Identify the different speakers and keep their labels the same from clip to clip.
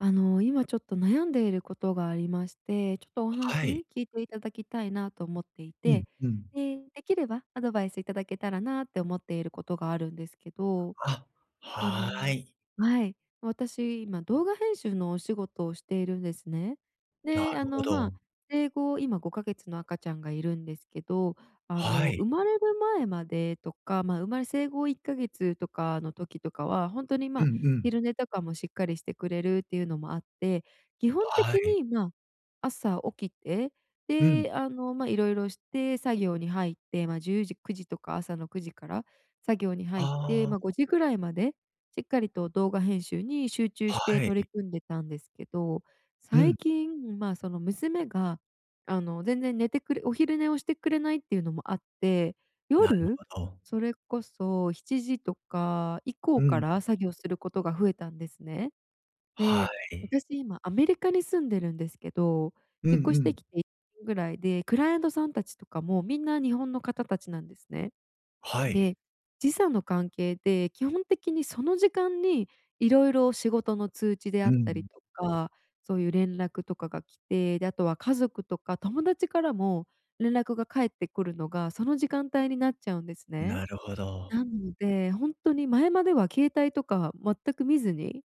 Speaker 1: あの、今ちょっと悩んでいることがありまして、ちょっとお
Speaker 2: はい。
Speaker 1: 話聞いていただきたいなと思ってい
Speaker 2: うん
Speaker 1: て、
Speaker 2: うん。
Speaker 1: で、できればアドバイスいただけたらなって思っていることがあるんですけど。
Speaker 2: あ、
Speaker 1: あの、
Speaker 2: はい。
Speaker 1: はい。私今動画編集のお仕事をしているんですね。
Speaker 2: な
Speaker 1: で、あ
Speaker 2: るほ
Speaker 1: のま
Speaker 2: ど。
Speaker 1: あ生後今5か月の赤ちゃんがいるんですけど、あ
Speaker 2: は
Speaker 1: の
Speaker 2: い。
Speaker 1: 生まれる前までとか、まあ生まれ生後1か月とかの時とかは、ほんとにま
Speaker 2: うん
Speaker 1: あ
Speaker 2: うん。
Speaker 1: 昼寝とかもしっかりしてくれるっていうのもあって、基本
Speaker 2: は
Speaker 1: 的
Speaker 2: い。
Speaker 1: にまあ、朝起きて、
Speaker 2: うん。
Speaker 1: で、あのまあ色々して作業に入ってまあ10時9時とか、朝の9時から作業に
Speaker 2: あ
Speaker 1: 入って
Speaker 2: あ。
Speaker 1: まあ5時ぐらいまでしっかりと動画編集に集中して
Speaker 2: はい
Speaker 1: 取
Speaker 2: い。
Speaker 1: り組んでたんですけど、
Speaker 2: う
Speaker 1: 最
Speaker 2: ん。
Speaker 1: 近まあその娘が、あの全然寝てくれお昼寝をしてくれないっていうのもあって、
Speaker 2: なる
Speaker 1: 夜、
Speaker 2: ほど。
Speaker 1: それこそ７時とか以
Speaker 2: う
Speaker 1: 降か
Speaker 2: ん。
Speaker 1: ら作業することが増えたんですね。
Speaker 2: は
Speaker 1: で、
Speaker 2: い。
Speaker 1: 私今アメリカに住んでるんですけど、
Speaker 2: うん
Speaker 1: 引っ越
Speaker 2: う
Speaker 1: して
Speaker 2: ん。
Speaker 1: きて1年ぐらいで、クライアントさんたちとかもみんな日本の方たちなんですね。
Speaker 2: はい。
Speaker 1: で、時差の関係で、基本的にその時間に色々仕事の通知であ
Speaker 2: う
Speaker 1: ったり
Speaker 2: ん。
Speaker 1: とか、そういう連絡とかが来て、で、あとは家族とか友達からも連絡が返ってくるのが、その時間帯になっちゃうんですね。
Speaker 2: なるほど。
Speaker 1: なんで、ほんとに前までは携帯とか全く見ずに、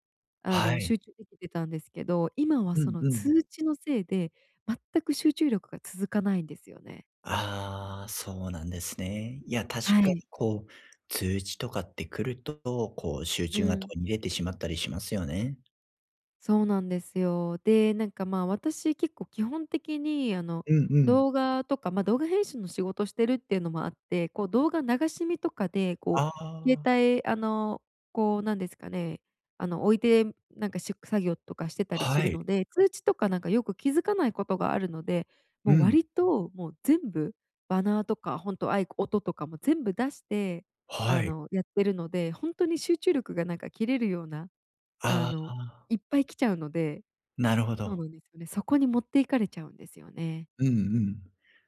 Speaker 1: あ
Speaker 2: は
Speaker 1: の
Speaker 2: い。
Speaker 1: 集中できてたんですけど、今は
Speaker 2: う
Speaker 1: そ
Speaker 2: ん
Speaker 1: の
Speaker 2: うん。
Speaker 1: 通知のせいで、全く集中力が続かないんですよね。
Speaker 2: ああ、そうなんですね。いや、
Speaker 1: は
Speaker 2: 確か
Speaker 1: い。
Speaker 2: にこう通知とかって来ると、こう集
Speaker 1: う
Speaker 2: 中が途
Speaker 1: ん。
Speaker 2: 切れてしまったりしますよね。
Speaker 1: そうなんですよ。で、なんかまあ、私結構基本的にあの、
Speaker 2: うんうん。
Speaker 1: 動画とか、ま、動画編集の仕事してるっていうのもあって、こう動画流し見とかでこ
Speaker 2: あ
Speaker 1: う携
Speaker 2: あ。
Speaker 1: 帯あの、こうなんですかね、あの、置いてなんかし作業とかしてたりす
Speaker 2: は
Speaker 1: る
Speaker 2: い。
Speaker 1: ので、通知とかなんかよく気づかないことがあるので、
Speaker 2: う
Speaker 1: もう
Speaker 2: ん。
Speaker 1: 割ともう全部、バナーとか本当あいこ音とかも全部出して、
Speaker 2: は
Speaker 1: あ
Speaker 2: い。
Speaker 1: の、やってるので、本当に集中力がなんか切れるような、あ
Speaker 2: あ
Speaker 1: の
Speaker 2: あ。
Speaker 1: いっぱい来ちゃうので。
Speaker 2: なるほ
Speaker 1: そう
Speaker 2: ど。
Speaker 1: なんですよね。そこに持っていかれちゃうんですよね。
Speaker 2: うんうん。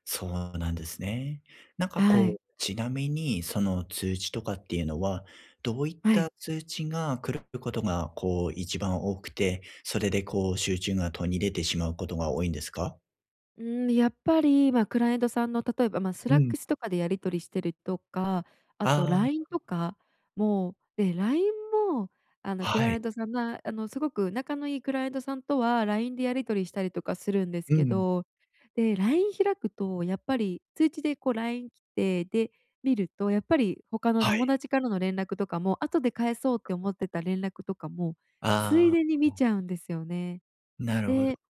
Speaker 2: そうなんですね。なんか
Speaker 1: は
Speaker 2: こ
Speaker 1: い。
Speaker 2: う、ちなみにその通知とかっていうのは、どういっ
Speaker 1: は
Speaker 2: た
Speaker 1: い。
Speaker 2: 通知が来ることが、こう、1番多くて、それで、こう、集中が途切れてしまうことが多いんですか？
Speaker 1: うーん、やっぱりまあ、クライアントさんの例えばまあ、ス
Speaker 2: う
Speaker 1: ラッ
Speaker 2: ん。
Speaker 1: クスとかでやり取りしてるとか、あととかも、
Speaker 2: あ
Speaker 1: LINE
Speaker 2: あ。
Speaker 1: とかも、え、LINE もあのク
Speaker 2: は
Speaker 1: ライ
Speaker 2: い。
Speaker 1: アントさんがあのすごく仲のいいクライアントさんとは LINE でやり取りしたりとかするんです
Speaker 2: う
Speaker 1: け
Speaker 2: ん。
Speaker 1: ど、で、LINE 開くとやっぱり通知でこう LINE 来て、で見ると、やっぱり他の
Speaker 2: はい。
Speaker 1: 友達からの連絡とかも、後で返そうって思ってた連絡とかも、つい
Speaker 2: あ
Speaker 1: でに
Speaker 2: あ、
Speaker 1: 見
Speaker 2: おん。
Speaker 1: ちゃうんですよね。
Speaker 2: なるほ
Speaker 1: で、
Speaker 2: ど。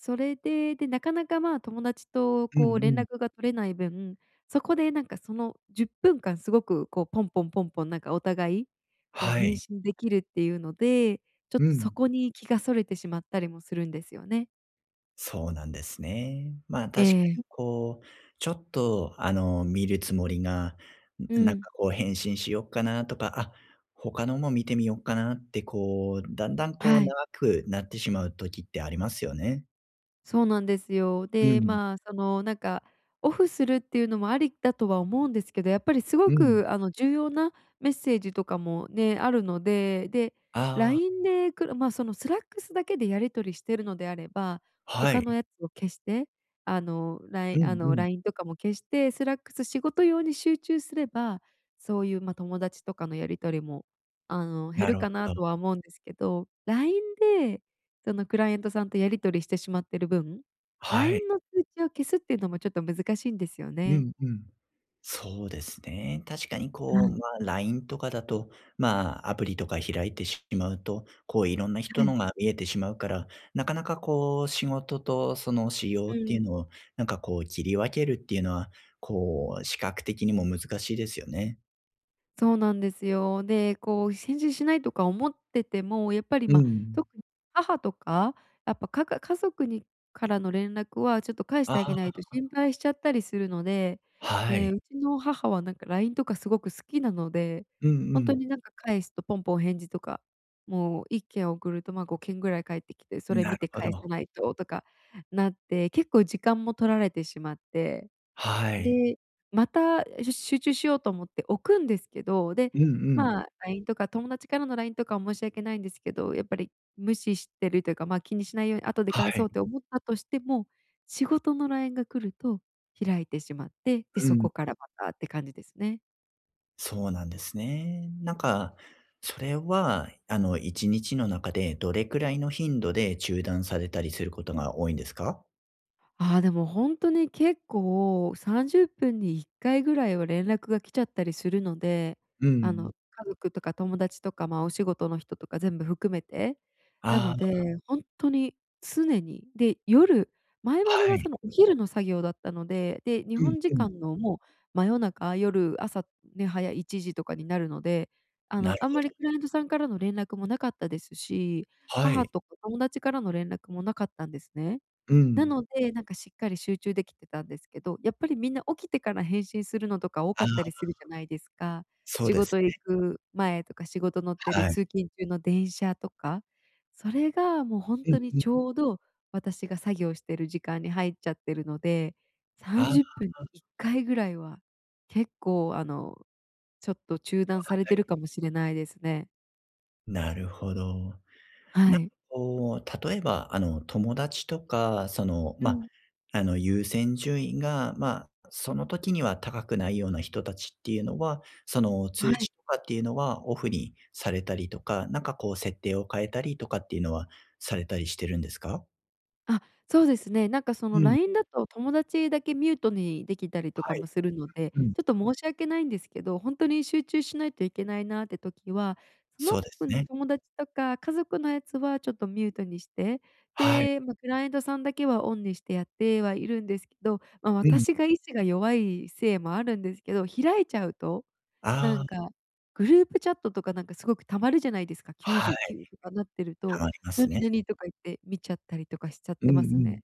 Speaker 1: それで、で、なかなかまあ、友達と
Speaker 2: うんう
Speaker 1: こう連
Speaker 2: ん。
Speaker 1: 絡が取れない分、そこでなんかその10分間すごくこう、ポンポンポンポンなんかお互いこう
Speaker 2: は
Speaker 1: 返
Speaker 2: い。
Speaker 1: 信できるっていうので、ちょっ
Speaker 2: う
Speaker 1: とそ
Speaker 2: ん。
Speaker 1: こに気が逸れてしまったりもするんですよね。
Speaker 2: そうなんですね。ま、
Speaker 1: え
Speaker 2: 確か
Speaker 1: え。
Speaker 2: にこうちょっとあの見るつもりが
Speaker 1: う
Speaker 2: なん
Speaker 1: ん。
Speaker 2: かこう返信しよっかなとか、あ、他のも見てみよっかなって、こう、だんだんこう
Speaker 1: はい。
Speaker 2: 長くなってしまう時ってありますよね。
Speaker 1: そうなんですよ。
Speaker 2: う
Speaker 1: で、
Speaker 2: ん。
Speaker 1: まあそのなんかオフするっていうのもありだとは思うんですけど、やっぱりす
Speaker 2: う
Speaker 1: ご
Speaker 2: ん。
Speaker 1: くあの重要なメッセージとかもね、あるので、で、
Speaker 2: ああ。
Speaker 1: LINE でくるまあそのスラックスだけでやり取りしてるのであれば、
Speaker 2: はい、
Speaker 1: 他の
Speaker 2: ん。
Speaker 1: やつを消して、あのラ
Speaker 2: う
Speaker 1: イあ
Speaker 2: んう
Speaker 1: の
Speaker 2: ん。
Speaker 1: LINE とかも消して、スラックス仕事用に集中すれば、そういうまあ友達とかのやり取りも、あの減
Speaker 2: な
Speaker 1: る
Speaker 2: る
Speaker 1: か
Speaker 2: ほ
Speaker 1: な
Speaker 2: ど。
Speaker 1: とは思うんですけど、LINE で、そのクライアントさんとやり取りしてしまっている分、
Speaker 2: はい。
Speaker 1: LINE の通知を消すっていうのもちょっと難しいんですよ
Speaker 2: う
Speaker 1: ね。
Speaker 2: んうん。そうですね。確かに
Speaker 1: は
Speaker 2: こう、
Speaker 1: い。
Speaker 2: ま、LINE とかだとまアプリとか開いてしまうと、こういろんな
Speaker 1: は
Speaker 2: 人
Speaker 1: い。
Speaker 2: のが見えてしまうから、なかなかこう仕事とその私用
Speaker 1: う
Speaker 2: ってい
Speaker 1: ん。
Speaker 2: うのをなんかこう切り分けるっていうのは、こう視覚的にも難しいですよね。
Speaker 1: そうなんですよ。で、こう返事しないとか思ってても、やっぱり、
Speaker 2: う
Speaker 1: ま、
Speaker 2: ん。
Speaker 1: 特に、母とかやっぱかか家族にからの連絡はちょっと返し
Speaker 2: あ
Speaker 1: てあげないと
Speaker 2: あ。
Speaker 1: 心配しちゃったりするので、
Speaker 2: は
Speaker 1: え、
Speaker 2: い。
Speaker 1: うちの母はなんか LINE とかすごく好きなので、
Speaker 2: うんう
Speaker 1: ほんと
Speaker 2: ん。
Speaker 1: になんか返すとポンポン返事とか、もう1件送るとまあ、5件ぐらい返ってきて、そ
Speaker 2: ん、
Speaker 1: れ
Speaker 2: な
Speaker 1: 見
Speaker 2: る
Speaker 1: て
Speaker 2: ほ
Speaker 1: 返さ
Speaker 2: ど。
Speaker 1: ないととかなって、結構時間も取られてしまって、
Speaker 2: はい。
Speaker 1: で、また、え、ず集中しようと思って置くんですけど、で、
Speaker 2: うんうん。
Speaker 1: まあ、LINE とか友達からの LINE とか申し訳ないんですけど、やっぱり無視してるというかまあ、気にしないように後で
Speaker 2: は
Speaker 1: 返そ
Speaker 2: い。
Speaker 1: うて思ったとしても、仕事の LINE が来ると開いてしまって、で、
Speaker 2: う
Speaker 1: そ
Speaker 2: ん。
Speaker 1: こからまたって感じですね。
Speaker 2: そうなんですね。なんか、それはあの、一日の中でどれくらいの頻度で中断されたりすることが多いんですか？
Speaker 1: ああ、でもほんとに結構30分に1回ぐらいは連絡が来ちゃったりするので、
Speaker 2: う
Speaker 1: あ
Speaker 2: ん。
Speaker 1: の、家族とか友達とかまあ、お仕事の人とか全部含めて、な
Speaker 2: あ
Speaker 1: ので
Speaker 2: あ。
Speaker 1: ほんとに、常に。で、夜前まで
Speaker 2: は
Speaker 1: は
Speaker 2: い。
Speaker 1: そのお昼の作業だったので、で、日
Speaker 2: うん
Speaker 1: 本時
Speaker 2: うん。
Speaker 1: 間のもう真夜中、夜、朝ね、早い1時とかになるので、あ
Speaker 2: な
Speaker 1: の、
Speaker 2: る
Speaker 1: あん
Speaker 2: ほ
Speaker 1: まり
Speaker 2: ど。
Speaker 1: クライアントさんからの連絡もなかったですし、
Speaker 2: は
Speaker 1: 母
Speaker 2: い。
Speaker 1: とか友達からの連絡もなかったんですね。
Speaker 2: う
Speaker 1: な
Speaker 2: ん。
Speaker 1: ので、なんかしっかり集中できてたんですけど、やっぱりみんな起きてから返信するのとか多
Speaker 2: あ
Speaker 1: か
Speaker 2: あ。
Speaker 1: ったりするじゃないですか。
Speaker 2: そう
Speaker 1: 仕
Speaker 2: です
Speaker 1: 事行
Speaker 2: ね。
Speaker 1: く前とか仕事乗ってる
Speaker 2: はい。
Speaker 1: 通勤中の電車とか、それがもうほん
Speaker 2: うん、
Speaker 1: とに
Speaker 2: ふ
Speaker 1: ちょうど、私が作業してる時間に入っちゃってるので、さ
Speaker 2: あ
Speaker 1: ん
Speaker 2: あ
Speaker 1: じゅっぷんに
Speaker 2: あ。
Speaker 1: 1回ぐらいは、結構あの、ちょっと中断され
Speaker 2: は
Speaker 1: て
Speaker 2: い。
Speaker 1: るかもしれないですね。
Speaker 2: なるほど。な
Speaker 1: は
Speaker 2: んか
Speaker 1: い。
Speaker 2: こう、例えば、あの、友達とか、その、
Speaker 1: う
Speaker 2: ま、
Speaker 1: ん。
Speaker 2: あの、優先順位がま、その時には高くないような人たちっていうのは、その、
Speaker 1: は
Speaker 2: 通知
Speaker 1: い。
Speaker 2: とかっていうのはオフにされたりとか、なんかこう設定を変えたりとかっていうのは、されたりしてるんですか？
Speaker 1: あ、そうですね。なんかそ
Speaker 2: う
Speaker 1: の
Speaker 2: ん。
Speaker 1: LINE だと友達だけミュートにできたりと
Speaker 2: は
Speaker 1: か
Speaker 2: い、
Speaker 1: もするので、
Speaker 2: うん。
Speaker 1: ちょっと申し訳ないんですけど、ほんとに集中しないといけないなって時は、そ
Speaker 2: そ
Speaker 1: の
Speaker 2: うです
Speaker 1: プン、
Speaker 2: ね。
Speaker 1: 友達とか家族のやつはちょっとミュートにして、
Speaker 2: はい。
Speaker 1: で、ま、クライアントさん、だけはオンにして、やってはいるんですけど、ま、
Speaker 2: うん。
Speaker 1: 私が意志が弱いせいもあるんですけど、開いちゃうと、な
Speaker 2: あ
Speaker 1: ん
Speaker 2: あ。
Speaker 1: か、グループチャットとかなんかすごく溜まるじゃないですか。きゅう
Speaker 2: は
Speaker 1: じ
Speaker 2: い。
Speaker 1: ゅうきゅうとかなってる
Speaker 2: は
Speaker 1: と、
Speaker 2: まりま
Speaker 1: な
Speaker 2: す
Speaker 1: に
Speaker 2: ね。
Speaker 1: なにとか言って見ちゃったりとかしちゃっ
Speaker 2: うんう
Speaker 1: てます
Speaker 2: ん。
Speaker 1: ね。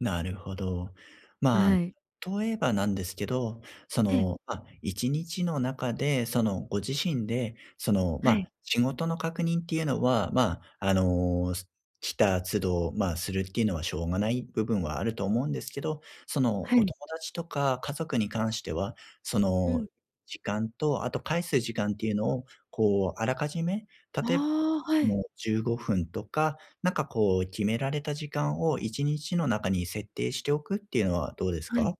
Speaker 2: なるほど。ま、
Speaker 1: あい。
Speaker 2: とえばなんですけど、そ
Speaker 1: ええ。
Speaker 2: の、あ、一日の中でその、ご自身で、その、
Speaker 1: は
Speaker 2: ま、
Speaker 1: い。
Speaker 2: 仕事の確認っていうのは、ま、あの、す来た都度、ま、するっていうのはしょうがない部分はあると思うんですけど、その
Speaker 1: は
Speaker 2: お
Speaker 1: い。
Speaker 2: 友達とか家族に関しては、そ
Speaker 1: う
Speaker 2: の、
Speaker 1: ん。
Speaker 2: 時間と、あと、返す時間っていうのをこうあらかじめ、例え、
Speaker 1: ああ、はい。
Speaker 2: もう15分とか、なんかこう決められた時間を一日の中に設定しておくっていうのはどうです
Speaker 1: はい。
Speaker 2: か？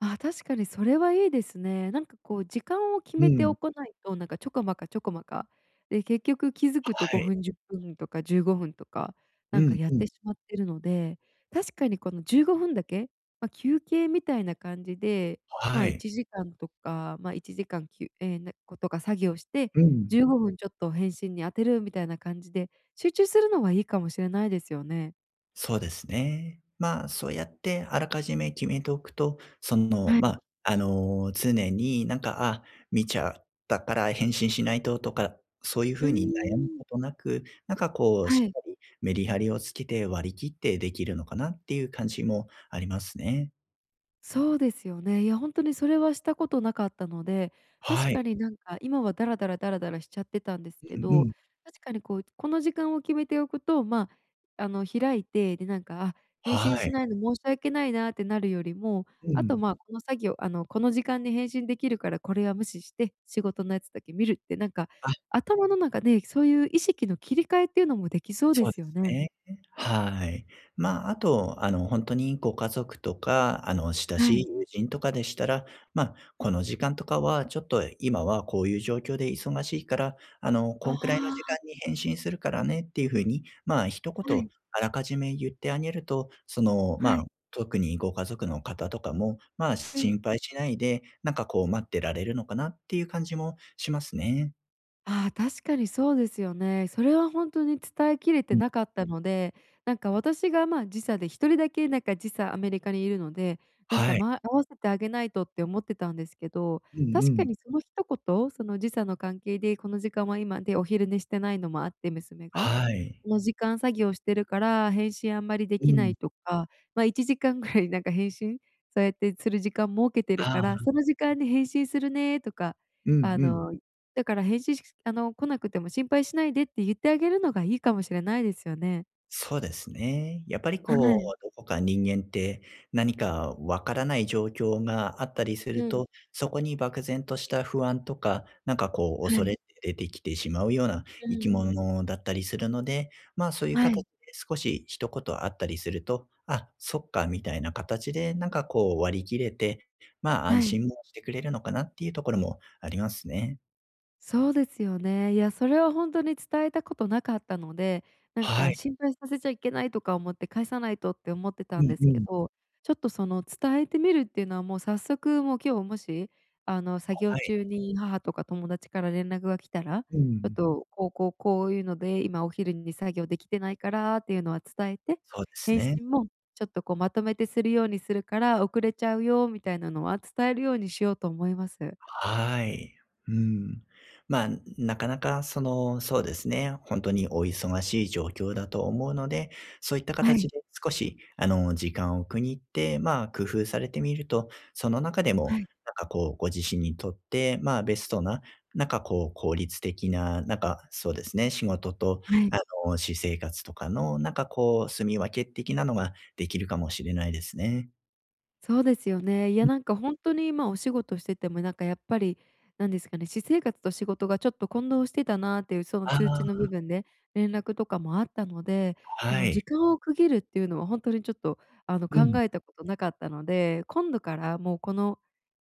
Speaker 1: ああ。確かにそれはいいですね。なんかこう時間を決
Speaker 2: う
Speaker 1: めて
Speaker 2: ん。
Speaker 1: おこないと、なんかちょこまかちょこまか、で、結局気づくと
Speaker 2: は
Speaker 1: ご
Speaker 2: い。
Speaker 1: ふん、10分とか、15分とか、
Speaker 2: う
Speaker 1: なんか
Speaker 2: ん
Speaker 1: やっ
Speaker 2: うん。
Speaker 1: てしまってるので、確かにこの15分だけ、ま、休憩みたいな感じで、
Speaker 2: は
Speaker 1: ま、い
Speaker 2: い。
Speaker 1: ちじかんとかま、1時間きゅえ、なことが作業して、
Speaker 2: う
Speaker 1: じ
Speaker 2: ん。
Speaker 1: ゅうごふんちょっと返信に当てるみたいな感じで、集中するのはいいかもしれないですよね。
Speaker 2: そうですね。まあそうやってあらかじめ決めておくと、その
Speaker 1: はい。
Speaker 2: ま、あの常になんか、あ、見ちゃったから返信しないととか、そういう
Speaker 1: うー
Speaker 2: 風に悩む
Speaker 1: ん。
Speaker 2: ことなく、なんかこうし
Speaker 1: は
Speaker 2: っ
Speaker 1: い。
Speaker 2: かりメリハリをつけて割り切ってできるのかなっていう感じもありますね。
Speaker 1: そうですよね。いやほんとにそれはしたことなかったので、確
Speaker 2: はい。
Speaker 1: かになんか今はダラダラダラダラしちゃってたんです
Speaker 2: う
Speaker 1: け
Speaker 2: ん
Speaker 1: ど、
Speaker 2: うん。
Speaker 1: 確かにこうこの時間を決めておくと、まああの開いて、でなんか、あ、返
Speaker 2: は
Speaker 1: 信
Speaker 2: い。
Speaker 1: しないの申し訳ないなってなるよりも、
Speaker 2: う
Speaker 1: あと
Speaker 2: ん。
Speaker 1: まあこの作業あのこの時間に返信できるからこれは無視して、仕事のやつだけ見るってなんか
Speaker 2: あ。
Speaker 1: 頭の中でそういう意識の切り替えっていうのもできそうで
Speaker 2: そう
Speaker 1: す
Speaker 2: で
Speaker 1: よ
Speaker 2: す
Speaker 1: ね。
Speaker 2: ね。はい。ま、あと、あの、ほんとにご家族とか、あの、親
Speaker 1: は
Speaker 2: しい
Speaker 1: い。
Speaker 2: 友人とかでしたら、ま、この時間とかはちょっと今はこういう状況で忙しいから、あの、
Speaker 1: あ
Speaker 2: こんくらいの時
Speaker 1: あ。
Speaker 2: 間に返信するからねっていう風に、まあ、ひとこ
Speaker 1: は
Speaker 2: と
Speaker 1: い。
Speaker 2: あらかじめ言ってあげると、その
Speaker 1: は
Speaker 2: ま
Speaker 1: い。
Speaker 2: あ、特にご家族の方とかも、ま、
Speaker 1: うん。
Speaker 2: 心配しないで、なんかこう待ってられるのかなっていう感じもしますね。
Speaker 1: ああ、確かにそうですよね。それはほんとに伝えきれて
Speaker 2: うん。
Speaker 1: なかったので、なんか私がまあ時差で1人だけなんか時差アメリカにいるので、なんか
Speaker 2: はい。
Speaker 1: ま合わせてあげないとって思ってたんですけど、
Speaker 2: うんう
Speaker 1: 確か
Speaker 2: ん。
Speaker 1: にその一言、その「時差の関係でこの時間は今で、お昼寝してないのもあって、娘が。
Speaker 2: はい。
Speaker 1: この時間作業してるから、返信あんまりで
Speaker 2: う
Speaker 1: きない」
Speaker 2: ん。
Speaker 1: とか、ま、1時間ぐらいなんか返信そうやってする時間設けてる
Speaker 2: あ
Speaker 1: から、
Speaker 2: あ。
Speaker 1: その時間に「返信するね」とか、
Speaker 2: うん
Speaker 1: 「あ
Speaker 2: うん。
Speaker 1: のだから返信しくすあの来なくても心配しないで」って、ゆってあげるのがいいかもしれないですよね。
Speaker 2: そうですね。やっぱりこ
Speaker 1: はい。
Speaker 2: うどこか人間って何か分からない状況があったりす
Speaker 1: う
Speaker 2: る
Speaker 1: ん。
Speaker 2: と、そこに漠然とした不安とか、なんかこう
Speaker 1: は
Speaker 2: 恐
Speaker 1: い。
Speaker 2: れって出て来てしまうような
Speaker 1: う
Speaker 2: 生き
Speaker 1: ん。
Speaker 2: 物だったりするので、まあ、そういう
Speaker 1: は
Speaker 2: 形
Speaker 1: い。
Speaker 2: で少し一言あったりすると、あ、そっかみたいな形で、なんかこう割り切れて、まあ安
Speaker 1: はい。
Speaker 2: 心もしてくれるのかなっていうところもありますね。
Speaker 1: そうですよね。いや、それはほんとに伝えたことなかったので、なん
Speaker 2: は
Speaker 1: か
Speaker 2: い。
Speaker 1: 心配させちゃいけないとか思って返さないとって思ってた
Speaker 2: う
Speaker 1: ん
Speaker 2: ん
Speaker 1: です
Speaker 2: う
Speaker 1: け
Speaker 2: ん。
Speaker 1: ど、ちょっとその伝えてみるっていうのはもう早速もう今日もし、あの作業
Speaker 2: はい。
Speaker 1: 中に母とか友達から連絡が来たら、「ち
Speaker 2: う
Speaker 1: ょっ
Speaker 2: ん。
Speaker 1: とこうこうこういうので今お昼に作業できてないから」っていうのは伝えて、
Speaker 2: そうです
Speaker 1: 「返
Speaker 2: ね。
Speaker 1: 信もちょっとこう、まとめてするようにするから遅れちゃうよ」みたいなのは伝えるようにしようと思います。
Speaker 2: はい、うん。まあ、んん、なかなかそのそうですね、ほんとにお忙しい状況だと思うので、そういった
Speaker 1: はい。
Speaker 2: 形で少しあの時間を区切って、まあ、工夫されてみると、その中でも
Speaker 1: はい。
Speaker 2: なんかこうご自身にとって、まあベストななんかこう効率的ななんかそうですね、仕事と
Speaker 1: はい。
Speaker 2: あの私生活とかのなんかこう住み分け的なのができるかもしれないですね。
Speaker 1: そうですよね。いや、
Speaker 2: うん。
Speaker 1: なんかほんとに今お仕事しててもなんかやっぱり、なんですかね、私生活と仕事がちょっと混同してたなっていうその
Speaker 2: あ
Speaker 1: 通知の部
Speaker 2: あ。
Speaker 1: 分で、連絡とかもあったので、そ
Speaker 2: は
Speaker 1: の
Speaker 2: い。
Speaker 1: 時間を区切るっていうのはほんとにちょっとあの
Speaker 2: う
Speaker 1: 考
Speaker 2: ん。
Speaker 1: えたことなかったので、今度からもうこの、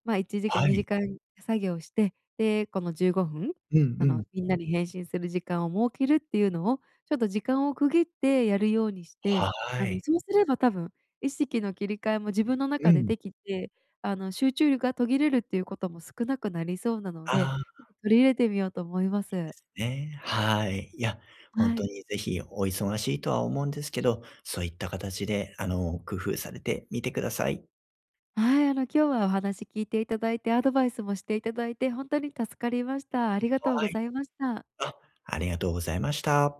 Speaker 1: まあ1時間
Speaker 2: は
Speaker 1: にじ
Speaker 2: い。
Speaker 1: かん作業して、で、この15分、
Speaker 2: うんう
Speaker 1: あの、
Speaker 2: ん。
Speaker 1: みんなに返信する時間を設けるっていうのを、ちょっと時間を区切ってやるようにして、
Speaker 2: は
Speaker 1: あの
Speaker 2: い。
Speaker 1: そうすれば多分、意識の切り替えも自分の
Speaker 2: う
Speaker 1: 中で
Speaker 2: ん。
Speaker 1: できて、あの、集中力が途切れるっていうことも少なくなりそうなので、
Speaker 2: ああ。
Speaker 1: ちょっと取り入れてみようと思いま
Speaker 2: いいで
Speaker 1: す。
Speaker 2: すね。はい。いや、ほん
Speaker 1: は
Speaker 2: と
Speaker 1: い。
Speaker 2: にぜひお忙しいとは思うんですけど、そういった形であの、工夫されてみてください。
Speaker 1: はい、あの今日はお話聞いていただいて、アドバイスもしていただいてほんとに助かりました。ありがとう
Speaker 2: は
Speaker 1: ご
Speaker 2: い。
Speaker 1: ざいました。
Speaker 2: あ、ありがとうございました。